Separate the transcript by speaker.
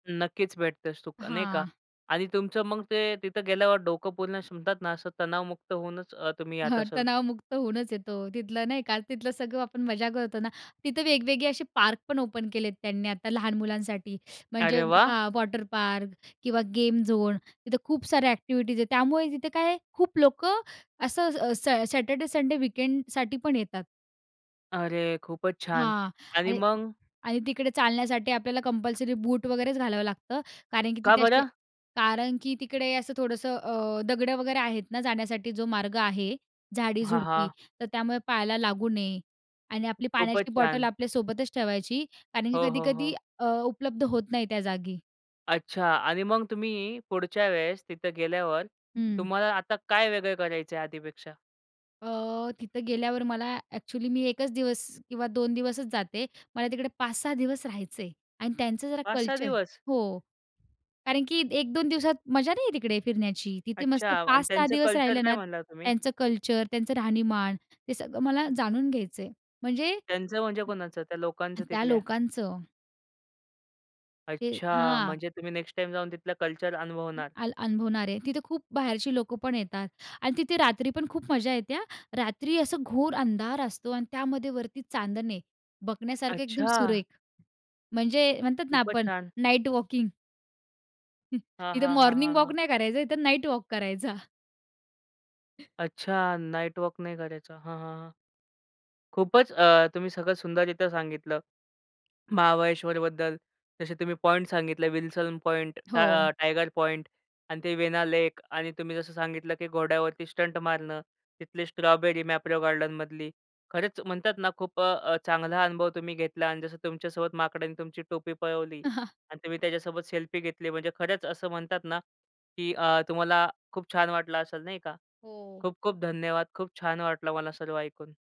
Speaker 1: नक्कीच भेटतं सुख नाही का.
Speaker 2: हां.
Speaker 1: आणि तुमचं मग ते तिथं गेल्यावर डोकं पूर्ण असं म्हणतात ना, असं तणावमुक्त होऊनच अ, तुम्ही येत
Speaker 2: हां.
Speaker 1: असाल.
Speaker 2: तणावमुक्त होऊनच येतो. तिथलं नाही का, तिथलं सगळं आपण मजा करतो ना. तिथं वेगवेगळे असे पार्क पण ओपन केलेत त्यांनी आता लहान मुलांसाठी. म्हणजे
Speaker 1: अरे वाह!
Speaker 2: हां, वॉटर पार्क किंवा गेम झोन तिथं खूप साऱ्या ॲक्टिव्हिटीज आहेत. त्यामुळे तिथे काय आहे खूप लोकं असं स सॅ सॅटर्डे-संडे वीकेंडसाठी पण येतात.
Speaker 1: अरे! खूपच छान
Speaker 2: हां,
Speaker 1: आणि
Speaker 2: आणि
Speaker 1: मग?
Speaker 2: आणि तिकडे चालण्यासाठी आपल्याला कंपल्सरी बूट वगैरेच घालावं लागतं, कारण की
Speaker 1: का
Speaker 2: तिथे असे
Speaker 1: बरं?
Speaker 2: कारण की तिकडे असं थोडंसं अ, दगडं वगैरे आहेत ना, जाण्यासाठी जो मार्ग आहे
Speaker 1: हां,
Speaker 2: झाडी-झुडपी.
Speaker 1: हां.
Speaker 2: तर त्यामुळे पायाला लागू नये. आणि आपली
Speaker 1: खूपच
Speaker 2: पाण्याची बॉटल
Speaker 1: छान.
Speaker 2: आपल्यासोबतच ठेवायची, कारण की
Speaker 1: हो, हो,
Speaker 2: कधी-कधी
Speaker 1: हो.
Speaker 2: अ, उपलब्ध होत नाही त्या जागी.
Speaker 1: अच्छा. आणि मग तुम्ही पुढच्या वेळेस तिथे गेल्यावर
Speaker 2: हं.
Speaker 1: तुम्हाला आता काय वेगळं करायचंय आधीपेक्षा?
Speaker 2: अ, तिथे गेल्यावर मला ॲक्चुअली मी 1 दिवस किंवा 2 दिवसच जाते. मला तिकडे 5-6 दिवस राहायचंय आणि त्यांचं जरा
Speaker 1: 5-6
Speaker 2: कल्चर
Speaker 1: दिवस?
Speaker 2: हो. कारण की 1-2 दिवसात मजा नाही येत तिकडे फिरण्याची. तिथे
Speaker 1: अच्छा.
Speaker 2: मस्त
Speaker 1: आणि
Speaker 2: 5-6
Speaker 1: त्यांचं
Speaker 2: दिवस
Speaker 1: कल्चर
Speaker 2: राहिलं
Speaker 1: काय
Speaker 2: ना,
Speaker 1: म्हणालात तुम्ही?
Speaker 2: त्यांचं कल्चर, त्यांचं राहणीमान ते सगळं मला जाणून घ्यायचंय. म्हणजे
Speaker 1: त्यांचं म्हणजे कोणाचं? त्या लोकांचं
Speaker 2: त्या
Speaker 1: तिथल्या.
Speaker 2: लोकांचं. हे
Speaker 1: अच्छा.
Speaker 2: हां.
Speaker 1: म्हणजे तुम्ही नेक्स्ट टाईम जाऊन तिथलं कल्चर
Speaker 2: हं,
Speaker 1: अनुभवणार.
Speaker 2: आल अनुभवणारे. तिथे खूप बाहेरची लोकं पण येतात आणि तिथे रात्री पण खूप मजा येते हां. रात्री असं घोर अंधार असतो आणि त्यामध्ये वरती चांदणे. बघण्यासारखं एकदम
Speaker 1: अच्छा!
Speaker 2: सुरेख म्हणजे म्हणतात ना,
Speaker 1: खूपच
Speaker 2: आपण
Speaker 1: छान.
Speaker 2: Night walking.
Speaker 1: हां,
Speaker 2: इथे
Speaker 1: हां, हां,
Speaker 2: मॉर्निंग
Speaker 1: हां,
Speaker 2: वॉक
Speaker 1: हां.
Speaker 2: नाही करायचंय. इथं नाईट वॉक करायचा.
Speaker 1: अच्छा, नाईट वॉक नाही करायचा. हां, हां, हां. खूपच अ, तुम्ही सगळं सुंदररित्या सांगितलं. महाबळेश्वरबद्दल. जसे तुम्ही पॉइंट सांगितले विल्सन पॉइंट, टा
Speaker 2: हो.
Speaker 1: टायगर पॉइंट आणि ते वेना लेक आणि तुम्ही जसं सांगितलं की घोड्यावरती स्टंट मारणं. तिथली स्ट्रॉबेरी मॅप्रो गार्डनमधली खरंच म्हणतात ना, खूप अ, अ, चांगला अनुभव तुम्ही घेतला आणि जसं तुमच्यासोबत माकडाने तुमची टोपी पळवली आणि तुम्ही त्याच्यासोबत सेल्फी घेतली म्हणजे खरंच असं म्हणतात ना, की अ, तुम्हाला खूप छान वाटलं असेल नाही का?
Speaker 2: हो.
Speaker 1: खूप खूप धन्यवाद. खूप छान वाटलं मला सर्व ऐकून.